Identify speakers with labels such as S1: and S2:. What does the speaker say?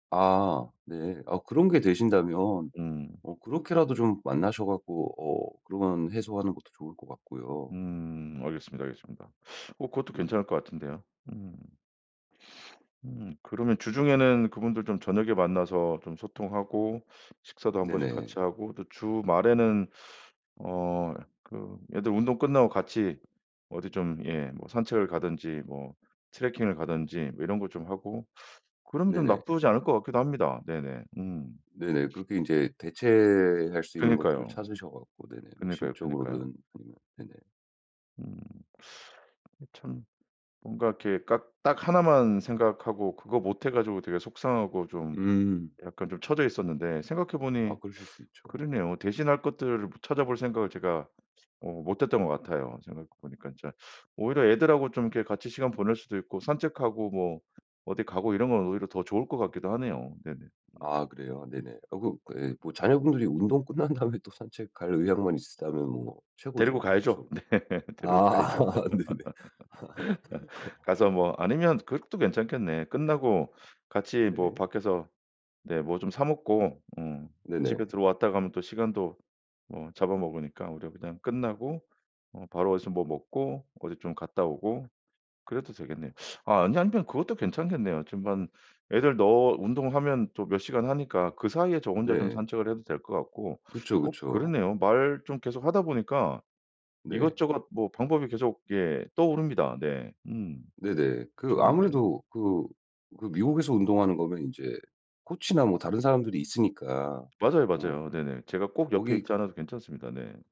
S1: 아 네. 어 그런 게 되신다면
S2: 음.
S1: 어 그렇게라도 좀 만나서 갖고 어 그러면 해소하는 것도 좋을 것 같고요.
S2: 음 알겠습니다, 알겠습니다. 어 그것도
S1: 네네.
S2: 괜찮을 것 같은데요. 음. 음 그러면 주중에는 그분들 좀 저녁에 만나서 좀 소통하고 식사도 1 번씩 같이
S1: 네네.
S2: 하고 또 주말에는 어 그 애들 운동 끝나고 같이 어디 좀 예 뭐 산책을 가든지 뭐 트레킹을 가든지 뭐 이런 거 좀 하고 그럼 좀
S1: 네네.
S2: 나쁘지 않을 것 같기도 합니다. 네네 음.
S1: 네네 그렇게 인제 대체할 수 있는 것들을
S2: 그니까요.
S1: 찾으셔 갖고 네네 뭐
S2: 그니까요, 그니까요.
S1: 심적으로든 아니면 네네.
S2: 음. 그 참 뭔가 이렇게 깍 딱 하나만 생각하고 그거 못해 가지고 되게 속상하고 좀
S1: 음.
S2: 약간 좀 쳐져 있었는데 생각해
S1: 아
S2: 보니
S1: 그러실 수 있죠.
S2: 그러네요. 대신할 것들을 뭐 찾아볼 생각을 제가 어 못 했던 것 같아요. 생각해 보니까 진짜 오히려 애들하고 좀 이렇게 같이 시간 보낼 수도 있고 산책하고 뭐 어디 가고 이런 건 오히려 더 좋을 것 같기도 하네요. 네네. 음.
S1: 아 그래요? 네네. 어 그 그 예 뭐 자녀분들이 운동 끝난 다음에 또 산책 갈 의향만 있었다면 뭐
S2: 데리고
S1: 최고죠.
S2: 가야죠.
S1: 좋죠.
S2: 네. 데리고
S1: 아
S2: 가야죠.
S1: 네네.
S2: 가서 뭐 아니면 그것도 괜찮겠네. 끝나고 같이 뭐
S1: 네.
S2: 밖에서 네 뭐 좀 사 먹고 어
S1: 네네.
S2: 집에 들어왔다가 가면 또 시간도 뭐 잡아먹으니까 오히려 그냥 끝나고 어 바로 어디서 뭐 먹고 어디 좀 갔다 오고 그래도 되겠네요. 아 아니 아니면 그것도 괜찮겠네요. 지금 한 애들 너 운동하면 또 몇 시간 하니까 그 사이에 저 혼자 좀
S1: 네.
S2: 산책을 해도 될 것 같고
S1: 그쵸,
S2: 어
S1: 그쵸.
S2: 그렇네요. 말 좀 계속하다 보니까
S1: 네.
S2: 이것저것 뭐 방법이 계속 예 떠오릅니다. 네. 음.
S1: 네네. 그
S2: 좋은데요.
S1: 아무래도 그 그 미국에서 운동하는 거면 인제 코치나 뭐 다른 사람들이 있으니까.
S2: 맞아요,
S1: 어.
S2: 맞아요. 네네 제가 꼭 옆에
S1: 거기
S2: 있지 않아도 괜찮습니다. 네.